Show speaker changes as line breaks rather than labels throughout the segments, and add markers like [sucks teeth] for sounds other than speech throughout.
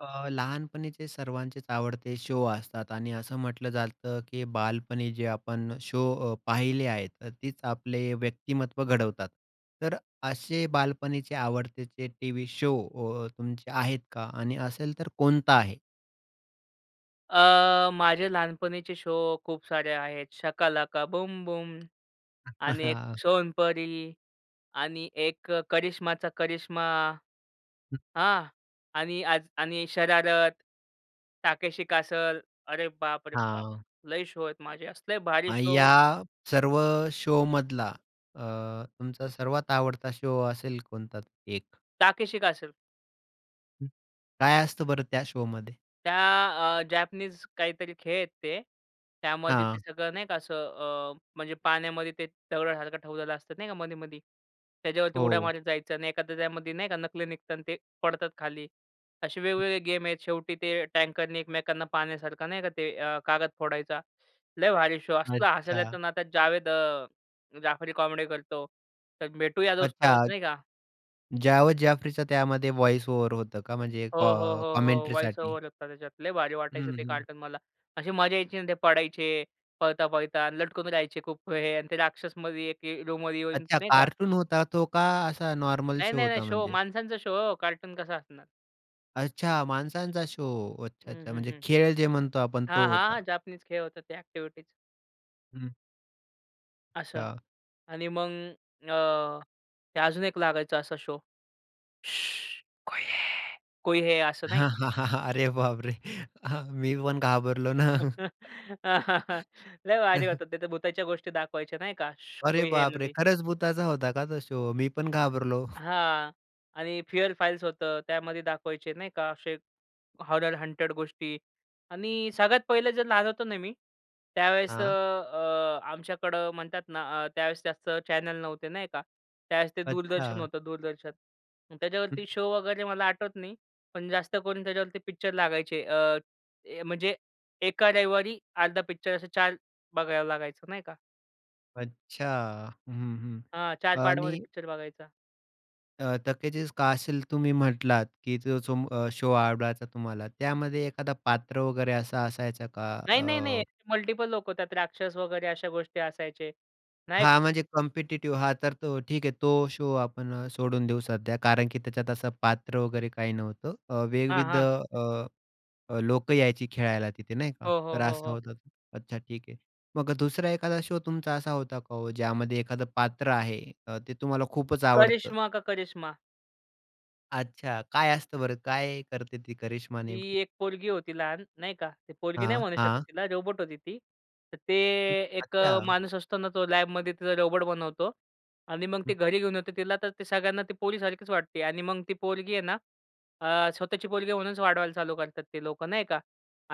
अ, लहानपणीचे सर्वांचेच आवडते शो असतात आणि असं म्हटलं जातं, की बालपणी जे आपण शो अ, पाहिले आहेत. तर तीच आपले व्यक्तिमत्त्व घडवतात. तर अशे बालपणीचे आवडतेचे टी-व्ही शो अ, तुमचे आहेत का आणि असेल तर कोणता आहे?
अ, माझे लहानपणीचे शो खूप सारे आहेत. शाका लाका बूम बूम आणि एक
[chuckles]
सोनपरी आणि एक करिश्माचा करिश्मा.
हं.
हां. आणि आज आणि शरारत, ताकेशी कॅसल. अरे बाप रे बाप!
हां.
लई शो आहेत माझे, असले भारी
आ,
शो
या सर्व शोमधला अ, तुमचा सर्वात आवडता शो असेल कोणता 1?
Takeshi castle.
हं. काय असतं बरं त्या शोमध्ये?
त्या अ, जॅपनीज काहीतरी खेळ आहेत ते, त्यामध्ये ते
हां.
सगळं नाही का असं अ, म्हणजे पाण्यामध्ये ते दगडासारखं ठेवलेलं असतं, नाही का मधी-मधी. त्याच्यावरती उड्या
हो.
मारीत जायचं अन एखादं त्यामध्ये नाही का नकली निघतात, ते पडतात खाली. असे
हं.
वेगवेगळे गेम आहेत. शेवटी ते टँकरनी एकमेकांना पाण्यासारखं, नाही का ते अ, कागद फोडायचा. लय भारी शो असलं हसायला येत
अच्छा.
ना. त्यात जावेद अ, जाफरी कॉमेडी करतो. तर भेटूया दोस्त
अच्छा.
असं नाही का?
जावेद जाफरीच त्यामध्ये व्हाईस ओव्हर होतं का? म्हणजे
हो, हो,
कॉ
हो, हो. वॉईस
कॉमेंट्रीसाठी?
ओव्हर होतं त्याच्यात. लई भारी
हं,
वाटायचं ते
हं.
कार्टून मला. अशी मजा यायची ना, ते पडायचे पळता-पळता अन लटकून राहायचे खूप वेळे आणि ते राक्षसमधी एक हे रूममध्ये येऊन
अच्छा.
नाही का?
कार्टून होता तो का असा नॉर्मल
नाही,
शो
नाही, नाही.
होता
शो
म्हणजे?
माणसांचा शो हो. कार्टून कसा असणार?
अच्छा! माणसांचा शो. अच्छा,
हं,
अच्छा.
हं,
म्हणजे
हं.
खेळ जे म्हणतो आपण
हां,
तो होता.
हां. जापनीज खेळ होता ते एक्टिविटीज.
हं.
असं.
या.
आणि मग, अ, ते अजून एक लागायचा असा शो. शुह कोई हे कोई हे असं नाही?
अरे बाप रे! हां. मी पण घाबरलो ना.
[chuckles] लय भारी होतं. ते तर भुताच्या गोष्टी दाखवायच्या नाही का, शु
अरे
कोई हे
बाप रे!
मधी.
खरंच भुताचा होता का तो शो? मी पण घाबरलो.
हां. आणि फिअर फाइल्स होतं. त्यामध्ये दाखवायचे नाही का, असे हॉरर हंटेड गोष्टी आणि सगळ्यात पहिलं जर लहान होतो ना मी त्यावेळेस अ,
हां.
अ, आमच्याकडं म्हणतात ना अ, त्यावेळेस जास्त चॅनल नव्हते नाही का? त्यावेळेस ते दूरदर्शन
अच्छा.
होतं, दूरदर्शन.
हं.
त्याच्यावरती शो वगैरे मला आठवत नाही, पण जास्त करून त्याच्यावरती पिक्चर लागायचे, अ, ए म्हणजे एका रविवारी अर्धा पिक्चर असे 4 बघावं लागायचं नाही का?
अच्छा. हं, हं.
हां. 4 पार्टमध्ये
आणि
पिक्चर बघायचा.
अ, तकेजीस कासल तुम्ही म्हंटलात, की ज जो अ, शो आवडायचा तुम्हाला त्यामध्ये एखादा पात्र वगैरे असा असायचा का?
नाही, नाही, नाही.
अ
मल्टिपल लोकं, त्यात राक्षस वगैरे अशा गोष्टी असायचे. नाही क
हा म्हणजे कॉम्पिटिटिव्ह हा तर तो ठीक आहे, तो शो आपण सोडून देऊ सध्या, कारण की त्याच्यात असं पात्र वगैरे काही नव्हतं अ,
हां,
विविध
हां.
अ, अ, लोकं यायची खेळायला तिथे. नाही का?
हो, हो,
तर
हो,
असा
हो.
होता ते. अच्छा. ठीक आहे. मग 2रा एखादा शो तुमचा असा होता का ओ, ज्यामध्ये एखादं पात्र आहे अ, ते तुम्हाला खूपच आवडतं?
करिश्मा का करिश्मा.
अच्छा. काय असतं बरं? काय करते ती करिश्मा
ती
नेमकी?
एक पोरगी होती लहान, नाही का. ती पोरगी नाही
हां,
म्हणू शकत
हां.
तिला रोबोट होती ती. तर ते एक
अच्छा.
अ, माणूस असतो ना, तो लॅबमध्ये तिचा रोबोट बनवतो. आणि मग ते
हम्म.
घरी घेऊन येतो तिला तर ते सगळ्यांना ते पोरीसारखीच वाटते. आणि मग ती पोरगी आहे ना, अ, स्वतःची पोरगी म्हणूनच वाढवायला चालू करतात ते लोकं, नाही का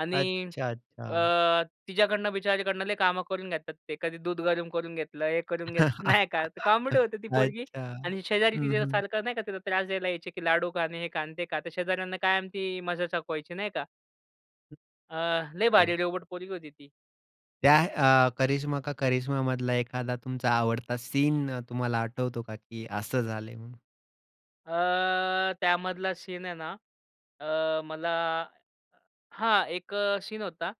आणि
अच्छा, अच्छा.
अ, तिच्याकडनं बिचारीकडनं लय काही कामं करून घेतात ते. कधी दूध गरम करून घेतलंय, हे करून घेत
[laughs]
नाही का. तर कॉमेडी होती ती पोरगी
अच्छा.
आणि शेजारी
हं, हं.
तिच्यासारखं नाही का, तिला त्रास द्यायला यायचे की लाडू खा आणि हे खा आणि ते खा. तर शेजाऱ्यांना कायम ती मजा चकवायची, नाही का. अ, लई
बरोबर.
भारी रोबोट पोरगी होती ती.
त्या अ, करिश्मा का करिश्मामधला एखादा तुमचा आवडता सीन तुम्हाला आठवतो का? की असं झालंय म्हणून?
अ, त्यामधला सीन आहे ना अ, मला हां, एक अ, सीन होता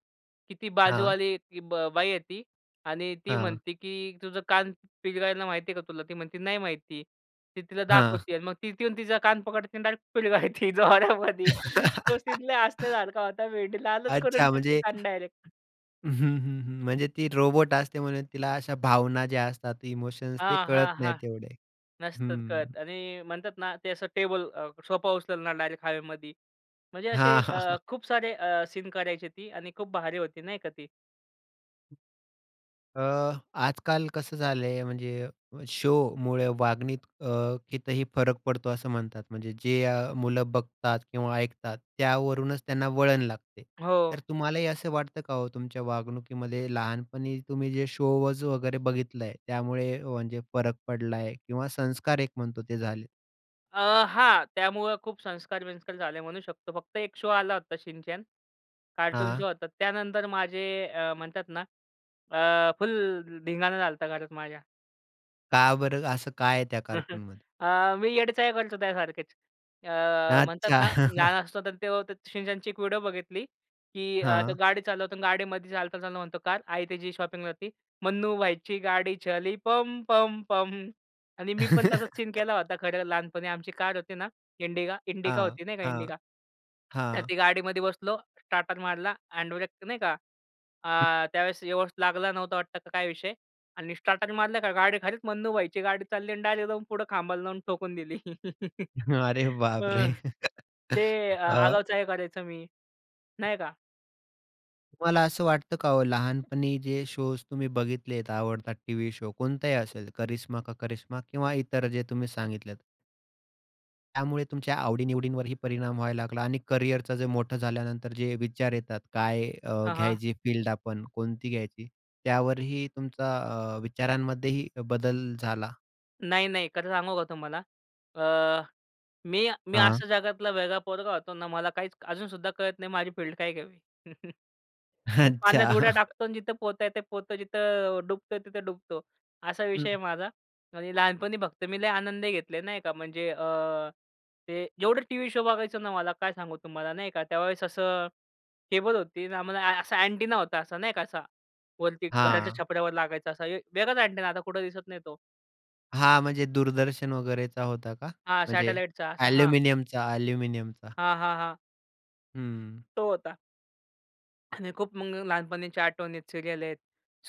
की ती
हां.
बाजूवाली ती ब बाई येती आणि ती
हां.
म्हणते की तुझं कान पिरगाळायला माहिती आहे का तुला? ती म्हणते, नाही माहिती. ती तिला
हां.
दाखवती आणि मग तिथं येऊन तिचा कान पकडते आणि डायरेक्ट पिरगाळते जोरामध्ये. तो सीन लई
[laughs]
हसण्यासारखा होता. वेडी लालच करून
अच्छा
टाकते
म्हणजे
कान डायरेक्ट.
हं, हं, हं, म्हणजे ती रोबोट असते म्हणून तिला अशा भावना ज्या असतात, इमोशन्स ते
हां,
कळत
हां,
नाहीत
हां.
तेवढे?
नसतात
हं.
कळत आणि म्हणतात ना, ते असं टेबल अ, सोफा उचलणार डायरेक्ट हवेमधी. म्हणजे असे
हां, हां, हां.
अ, खूप सारे अ, सीन करायची होती आणि खूप भारी होती, नाही का ती?
अ, आजकाल कसं झालंय, म्हणजे शोमुळे वागण्यात अ, कितीही फरक पडतो असं म्हणतात. म्हणजे, जे अ, मुलं बघतात किंवा ऐकतात त्यावरूनच त्यांना वळण लागते. तर
हो.
तुम्हालाही असं वाटतं का हो तुमच्या वागणुकीमध्ये लहानपणी तुम्ही जे शोज वगैरे बघितलं आहे, त्यामुळे म्हणजे फरक पडलाय आहे किंवा संस्कार एक म्हणतो ते झालेत?
अ, हां त्यामुळं खूप संस्कार-बिंस्कार झाले म्हणू शकतो. फक्त 1 शोआला होता शिनचॅन, कार्टून
हां.
शो होता. त्यानंतर माझे अ, म्हणतात ना, अ, फुल धिंगाणा झालता घरात माझ्या.
का बरं, असं काय आहे त्या
[chuckles]
कार्टूनमध्ये?
अ, मी येडे चाळे करतो त्यासारखेच. अ, म्हणतात
अच्छा,
ना
[chuckles]
लहान असतो, तर तेव्हा ते शिनचॅनची एक व्हिडिओ बघितली की अ, तो
हां.
गाडी चालवतो. अ, गाडीमध्ये चालता-चालता म्हणतो, कार आई त्याची शॉपिंगला जाती. मन्नू भाईची गाडी चली पम, पम, पम. आणि मी पण तसा सीन
[laughs]
केला होता खरं, लहानपणी आमची कार होती ना इंडिगा इंडिका
हां,
होती नाही का
हां,
इंडिका. तर ती
हां.
गाडीमध्ये बसलो, स्टार्टर मारला, हँडब्रेक नाही का, अ, त्यावेळेस व्यवस्थित लागला नव्हता वाटतं का काय विषय आणि स्टार्टर मारलं का गाडी खालीच मन्नू भाईची गाडी चालली आणि डायरेक्ट जाऊन पुढं खांबाला जाऊन ठोकून दिली. [laughs]
अरे
अ,
बाप रे!
ते अ
अ
आगाऊ चाळे करायचो मी, नाही का?
तुम्हाला असं वाटतं का हो? लहानपणी जे शोज तुम्ही बघितलेत आवडतात टी-व्ही शो कोणताही असेल, करिश्मा का करिश्मा किंवा इतर जे तुम्ही सांगितलेत त्यामुळे तुमच्या आवडी-निवडींवरही परिणाम व्हायला लागला आणि करियरचं जे मोठं झाल्यानंतर जे विचार येतात, काय अ,
हां, हां.
घ्यायची फील्ड आपण कोणती घ्यायची, त्यावरही तुमचा अ, विचारांमध्येही बदल झाला?
नाही, नाही खरं सांगू का तुम्हाला? अ, मी मी
हां.
अशा जगातला वेगळा पोरगा होतो ना मला काहीच अजूनसुद्धा कळत नाही माझी फील्ड काय घ्यावी? [chuckles] मी पाण्यात उड्या
अच्छा. [laughs]
टाकतो आणि जिथं पोहता येते तेथे पोहतो, जिथं डुबता येते तिथं डुबतो, असा विषय आहे
हं.
माझा. आणि, लहानपणी फक्त मी लय आनंदही घेतले नाही का अ, म्हणजे अ, ते जेवढे टी-व्ही शो बघायचो ना मला काय सांगू तुम्हाला नाही का? त्यावेळेस असं केबल होती आम्हाला असा अँटिना होता असा, नाही का असा वरती घराच्या
हां.
छपरा वर लागायचा. असा वेगळाच अँटिना आता कुठं दिसत नाही तो.
हां, म्हणजे दूरदर्शन वगैरेचा होता का?
हां,
म्हणजे
सॅटेलाइटचा असा हां.
ॲल्युमिनियमचा-ॲल्युमिनियमचा?
हां, हां, हां.
हं.
तो होता. आणि खूप मग लहानपणीच्या आठवणीत सीरियल आहेत.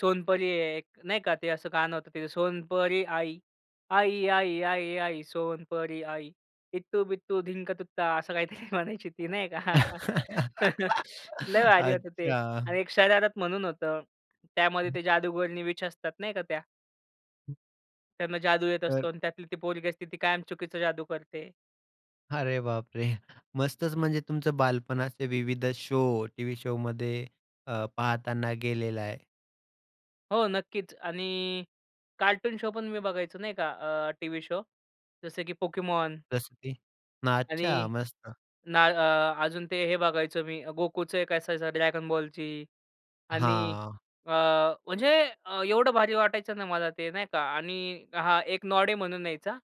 सोनपरी आहे एक, नाही का ते असं गाणं होतं ते सोनपरी आई, आई, आई, आई, आई सोनपरी आई इत्तू बित्तू धिंक तुत्ता असं काही तरी म्हणायची ती, नाही का? [laughs]
[laughs]
लय भारी होते ते.
अच्छा.
आणि एक शरारत म्हणून होतं. त्यामध्ये ते जादूगरणी विच असतात नाही का त्या त्यांना जादू येत
तर
असतो आणि त्यातली ती पोरगी असते. ती कायम चुकीचा जादू करते.
अरे बाप रे, मस्तच! म्हणजे तुमचं बालपण असे विविध शो, टी व्ही शोमध्ये अ, पाहताना गेलेलं आहे.
हो, नक्कीच आणि कार्टून शो पण मी बघायचो नाही का, अ, टी-व्ही शो जसं की पोकेमॉन
जसं की? ना, अच्छा,
आणि
मस्त!
ना अ, अजून ते हे बघायचो मी, गोकुचं 1 असायचं ड्रॅगन बॉलची आणि
हां.
अ, म्हणजे एवढं भारी वाटायचं ना मला ते, नाही का? आणि हां, एक नॉडी म्हणून यायचा.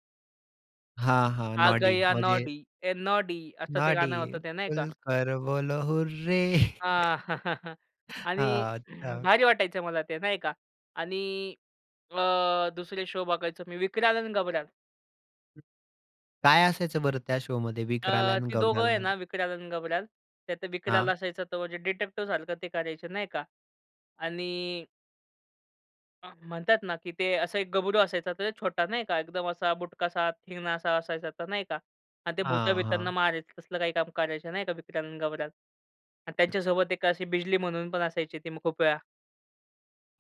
हां, हां,
आ
नॉडी
गया
म्हणजे
नॉडी ए नॉडी असं ते
नाडी
गाणं होतं ते नाही का?
खुलकर बोलो हुर्रे
[laughs]
[chuckles]
आणि
हां,
[clears throat]
अच्छा.
भारी वाटायचं मला ते नाही का आणि अ, दुसरे शो बघायचो मी विक्राल अन गब्राल.
काय असायचं बरं त्या शोमध्ये विकराल
अ,
आणि
ती दोघं आहे ना
गबरालमध्ये?
विक्राल आणि गबराल त्यात विकराल
हां.
असायचा, तो म्हणजे डिटेक्टीव सारखं ते करायचं नाही का? आणि म्हणतात ना, की ते असा 1 गबरू असायचा. तर छोटा नाही का एकदम असा बुटकासा, ठेंगणासा असायचा. तर नाही का आणि ते
हां,
भुता-बितांना
हां.
मारायचं तसलं काही काम करायचं नाही का. विक्राल अन गबराल आणि त्यांच्यासोबत 1 अशी बिजली म्हणून पण असायची ती मग खूप वेळा.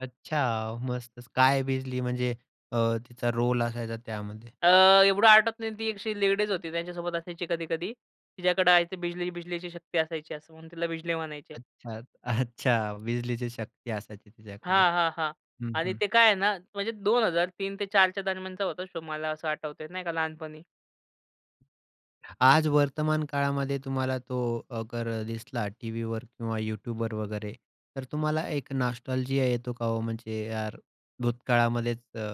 अच्छा. मस्तच. काय बिजली म्हणजे अ, तिचा रोल असायचा त्यामध्ये?
अ, एवढं आठवत नाही. ती एक अशी लेडीज होती त्यांच्यासोबत असायची कधी-कधी. तिच्याकडं आयती बिजली- बिजलीची शक्ती असायची असं म्हणून तिला बिजली म्हणायचे.
अच्छा, अच्छा. बिजलीची शक्ती असायची तिच्याकडे.
हां, हां, हां.
हं,
आणि
हं.
ते काय आहे ना, म्हणजे 2003-04च्या दरम्यानचा होता शो. मला असं आठवतय नाही का लहानपणी.
आज वर्तमानकाळामध्ये तुम्हाला तो अगर दिसला टी-व्हीवर किंवा YouTubeवर वगैरे. तर तुम्हाला एक नॉस्टॅल्जिया येतो का ओ? म्हणजे यार भूतकाळामध्येच अ,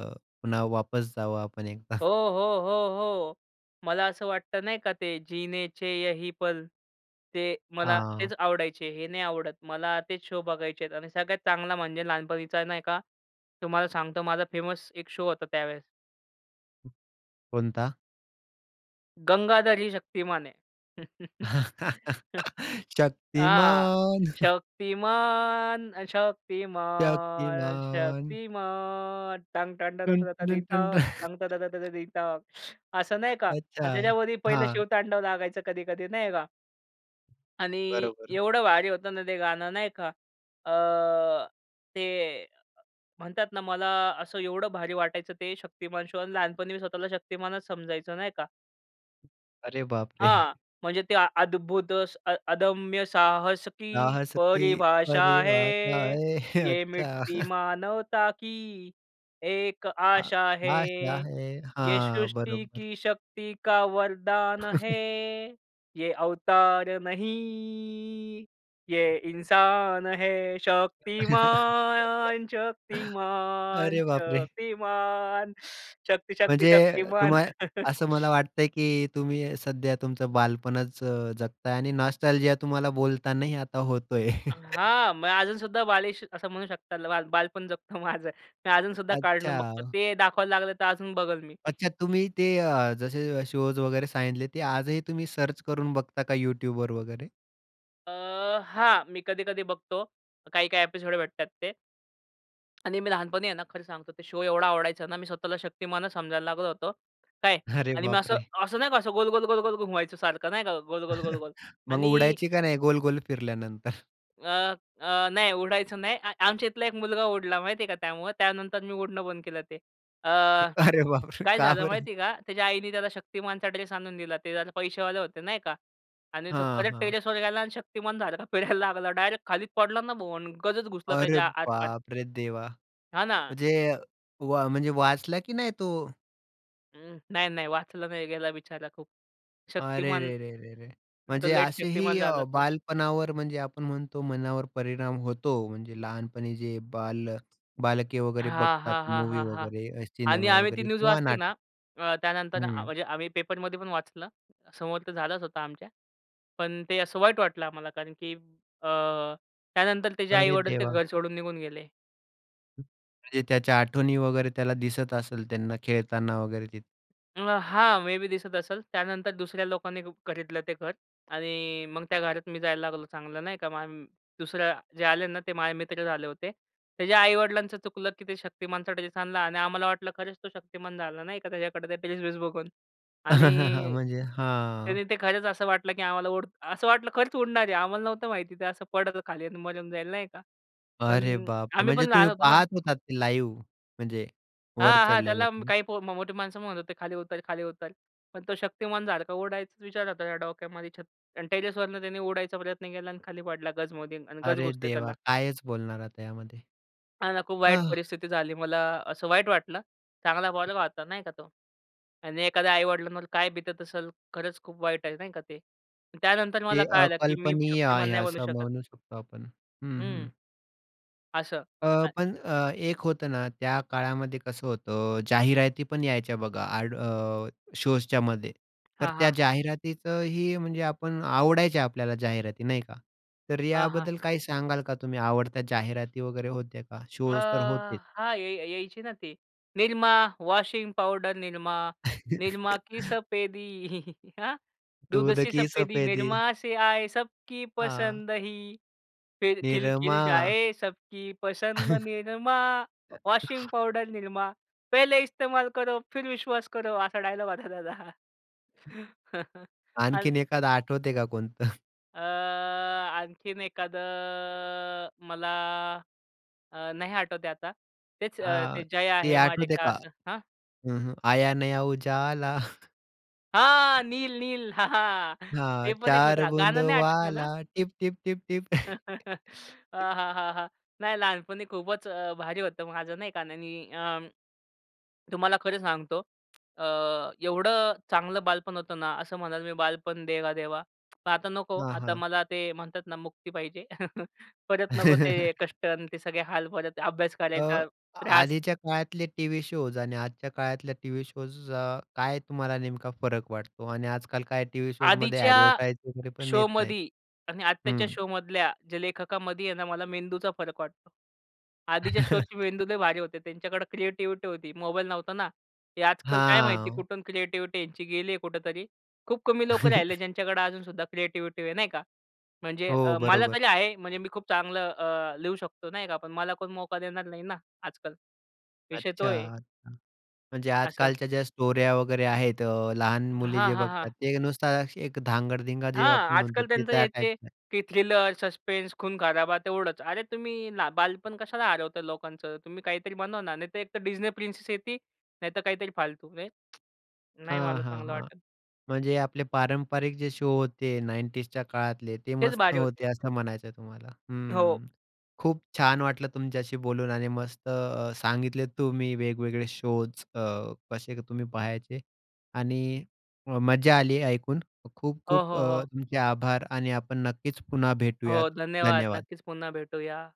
पुन्हा वापस जावं आपण एकदा.
हो, हो, हो, हो. मला असं वाटतं नाही का ते जिनेचे यही पल ते मला तेच
हां.
आवडायचे. हे नाही आवडत. मला तेच शो बघायचे आहेत आणि सगळ्यात चांगला म्हणजे लहानपणीचा नाही का तुम्हाला सांगतो माझा फेमस एक शो होता त्यावेळेस.
हं. कोणता?
गंगाधर ही शक्तिमान है.
[chuckles]
[chuckles] आ,
शक्तिमान. हं.
शक्तिमान, शक्तिमान,
शक्तिमान.
शक्तिमान
[humming]
[humming]
[chuckles]
[sucks teeth] असं नाही
[inhales]
का?
अच्छा.
आणि त्याच्यावरही पहिलं
हां.
शिव-तांडव लागायचं कधी-कधी नाही का? आणि
बरोबर.
एवढं भारी होतं ना ते गाणं नाही का. अ, ते अ, म्हणतात ना मला असं एवढं भारी वाटायचं ते शक्तिमान शो आणि लहानपणी मी स्वतःला शक्तिमानच समजायचो, नाही का.
अरे बापरे!
हां. म्हणजे ते, अद्भुत अ, अदम्य साहस की
साहस की
परिभाषा
परिभाषा
है,
है.
ये मिट्टी
अच्छा.
मानवता की एक
आ
आशा है,
आशा है.
ये
हां.
सृष्टी
बरोबर.
की शक्ति का वरदान है,
[chuckles]
ये अवतार नहीं, ये इंसान है.
[laughs]
शक्तिमान, शक्तिमान,
अरे बापरे!
शक्तिमान, शक्ति, शक्ति,
म्हणजे,
शक्तिमान.
तुम्हाला
[chuckles]
असं मला वाटतंय, की तुम्ही सध्या तुमचं बालपणच अ, जगताय आणि नॉस्टॅल्जिया तुम्हाला बोलतानाही आता होतोय.
हां. मग अजूनसुद्धा बालीश असं म्हणू शकताल, बालपण जगतो माझं मी अजूनसुद्धा कार्टून बघतो.
अच्छा!
ते दाखवायला लागलं, तर अजून बघेल मी.
अच्छा! तुम्ही ते अ, जसे शोज वगैरे सांगितले. ते आजही तुम्ही सर्च करून बघता का YouTubeवर वगैरे?
अ, हां, मी कधी-कधी बघतो. काही-काही एपिसोड भेटतात ते. आणि मी लहानपणी आहे ना, खरं सांगतो, ते शो एवढा आवडायचा ना, मी स्वतःला शक्तिमानच समजायला लागलो होतो. काय?
अरे
आणि मी असं
बापरे!
असं नाही का, असं गोल-गोल-गोल-गोल घुमवायचं सारखं नाही का गोल-गोल-गोल-गोल
[chuckles] मग
आणि
उडायची का नाही गोल-गोल फिरल्यानंतर?
अ, अ, नाही उडायचं नाही. अ, आमच्या इथला एक मुलगा उडला माहिती आहे का त्यामुळं. त्यानंतर मी उडणं बंद केलं ते. अ,
अरे बापरे!
काय
का
झालं
बरं?
माहिती आहे का? त्याच्या आईने त्याला शक्तिमानचा ड्रेस आणून दिला. ते जरा पैसेवाले होतं नाही का आणि तो
हां,
खरंच
हां.
टेरेसवर गेला आणि शक्तिमान झाला. फिरायला लागला, डायरेक्ट खाली पडला ना. बोन गजच घुसला
अरे
त्याच्या आर-पार.
बाप रे! देवा,
हां ना.
म्हणजे व म्हणजे वाचला की नाही तो?
उम्म, नाही, नाही, वाचला नाही, गेला बिचारा खूप
अरे
शक्तिमान,
रे रे रे रे!
आता
म्हणजे
लेट
असेही
शक्तिमान झाला
अ,
तो.
बालपणावर म्हणजे आपण म्हणतो, मनावर परिणाम होतो. म्हणजे लहानपणी जे बाल बालके वगैरे
हां,
बघतात
हां, हां,
मूवी
हां, हां
वगैरे,
आणि
सिनेमा
आम्ही ती
वगैरे
न्यूज
किंवा
वाचली
नाटक
ना, अ, त्यानंतर अ,
हं.
म्हणजे आम्ही पेपरमधी पण वाचलं, समोर तर झालंच होता आमच्या. पण ते असं वाईट वाटलं आम्हाला, कारण की अ, त्यानंतर तेचे
अरे
आई-वडील ते
देवा!
घर सोडून निघून गेले.
म्हणजे त्याच्या आठवणी वगैरे त्याला दिसत असल त्यांना खेळताना वगैरे तिथे.
अ, हां, मे बी दिसत असल. त्यानंतर दुसऱ्या लोकांनी हुक खरीदलं ते घर आणि मग त्या घरात मी जायला लागलो चांगलं नाही का. मम दुसऱ्या जे आले ना ते माझे मित्रच आले होते. त्याच्या आई-वडिलांचं चुकलं की ते शक्तिमानचा ड्रेस आणला आणि आम्हाला वाटलं खरंच तो शक्तिमान झाला, नाही का, त्याच्याकडे ते ड्रेस-वेस बघून.
[laughs]
आणि
म्हणजे
त्याने
हां.
ते खरंच असं वाटलं की आम्हाला उड असं वाटलं खरंच उडणार आहे. आम्हाला नव्हतं माहिती ते असं पडतं खाली आणि मरून जाईल नाही का. पण
अरे बापरे!
आम्ही
म्हणजे
पण
तुम्ही
लहान होतो ना.
पाहात होतात ते लाईव्ह म्हणजे वर
हां, हां
चढलेलं
त्याला म
पण.
काही पो मो मोठी माणसं म्हणत होते, खाली उतर, खाली उतर. पण तो शक्तिमानसारख उडायचा विचार होता त्या डोक्यामध्ये छत आणि टेरेसवरनं त्याने उडायचा प्रयत्न केला आणि खाली पडला गजमध्ये आणि गज
अरे
घुसते
देवा!
त्याला.
कायच बोलणार आता यामध्ये?
हां ना, खूप वाईट
आह!
परिस्थिती झाली. मला असं वाईट वाटलं. चांगला पोरगा होता नाही का तो. आणि एखाद्या आई-वडिलांवर काय बितत असल. खरंच, खूप वाईट आहे नाही का ते. अन त्यानंतर मला
ते
कळालं, की मी
अकल्पनीय
शक्तिमान
आहे,
नाही बनू
असं
शकत.
म्हणू शकतो आपण. हं, हं.
हम्म. असं
अ,
आहे.
पण अ, एक होतं ना त्या काळामध्ये कसं होतं जाहिराती पण यायच्या बघा एड अ, शोजच्यामध्ये. तर
हां,
त्या
हां.
जाहिरातीतही म्हणजे आपण आवडायच्या आपल्याला जाहिराती, नाही का? तर
हां, हां.
याबद्दल काही सांगाल का तुम्ही? आवडत्या जाहिराती वगैरे होत्या का?
अ,
शोज तर होतेच.
हां, य य यायची ना ती निरमा, वॉशिंग पावडर निरमा. निरमा की
[chuckles]
सफेदी [giggles] हां. दूध
दूध
सी
की
सफेदी
सफेदी.
निरमा से आये, सबकी
हां.
पसंद ही फिर खिलखिल
निरमा.
जाये, सबकी पसंद निरमा. Washing
[chuckles]
powder Nirma. पहिले इस्तेमाल करो, फिर विश्वास करो. असा डायलॉग होता त्याचा. [chuckles] अन
आणखीन एखादा आठवतंय का कोणतं?
अ, आणखीन एखादं अ, मला, अ, नाही आठवत आहे आता. तेच अ,
अ,
ते जया,
ते
हेमा,
आठवते
रेखा
का?
असं? हं?
हं, हं. आया नया उजाला. [chuckles]
हां, नील, नील. हां, हां. ते
हां,
पण एक
चार
होता.
बुंदो
गाणं नाही आठवत म्हणा.
वाला, टिप, टिप, टिप, टिप.
[laughs]
[chuckles]
हां, हां, हां, हां, नाही लहानपणी खूपच अ, भारी होतं माझं, नाही का? आणि अ, तुम्हाला खरं सांगतो अ, एवढं चांगलं बालपण होतं ना. असं म्हणाल की बालपण देगा देवा पण आता नको,
हां,
आता
हां.
मला ते म्हणतात ना, मुक्ती पाहिजे. [chuckles] परत नको ते कष्ट आणि
[chuckles]
ते सगळे हाल. परत अभ्यास
अ,
करायचा त्रास
आधीच्या काळातले टी-व्ही शोज आणि आजच्या काळातल्या टी-व्ही शोज अ, काय तुम्हाला नेमका फरक वाटतो? आणि आज-काल काय टी-व्ही शोजमध्ये
आधीच्या
एडवर्टाइज वगैरे पण येत नाहीत.
शोमधी आणि आत्ताच्या
हम्म.
शोमधल्या जे लेखकामध्ये आहे ना, मला मेंदूचा फरक वाटतो. आधीच्या शोची
[chuckles]
मेंदू लय भारी होते त्यांच्याकडे क्रिएटिविटी होती, मोबाईल नव्हता ना. हे आजकाल काय माहिती,
हां.
कुठून क्रिएटिविटी यांची गेली आहे कुठेतरी. खूप कमी लोकं राहिले
[chuckles]
ज्यांच्याकडे अजूनसुद्धा क्रिएटिविटी आहे, नाही का? म्हणजे
हो,
अ, मला
बरोबर.
तरी आहे म्हणजे मी खूप चांगलं अ, लिहू शकतो, नाही का? पण मला कोण मौका देणार नाही ना आजकाल, विषय तो
अच्छा,
आहे.
अच्छा, म्हणजे
आसं.
आज-कालच्या ज्या स्टोऱ्या वगैरे आहेत, अ, लहान मुली
हां,
जे
हां,
बघतात,
हां.
ते नुसताच एक धांगड-धिंगा जे
हां,
आपण म्हणतो
आजकाल
ते
त्यांचं
त्या
हे, ते,
टाइपच आहे.
ते थ्रिलर, सस्पेंस, खून-खराबा तेवढंच. अरे, तुम्ही ला बालपण कशाला हरवता लोकांचं? तुम्ही काहीतरी बनवा ना. नाही तर एकतर Disney प्रिन्सेस येते, नाहीतर काहीतरी फालतू [tsk] नाही,
हां,
मला
हां,
चांगलं
हां,
वाटत.
म्हणजे आपले पारंपरिक जे शो होते 90sच्या काळातले, ते
तेच
मस्त
भारी
होते
होते.
असं म्हणायचं आहे तुम्हाला.
हो.
हम्म, खूप छान वाटलं तुमच्याशी बोलून. आणि मस्त अ, सांगितले तुम्ही वेगवेगळे शोज अ, कसे तुम्ही पहायचे. आणि मज्जा आली ऐकून. खूप,
हो,
खूप
हो,
अ,
हो.
तुमचे आभार आणि आपण नक्कीच पुन्हा
हो
भेटूयात.
धन्यवाद.
धन्यवाद!
नक्कीच पुन्हा भेटूया.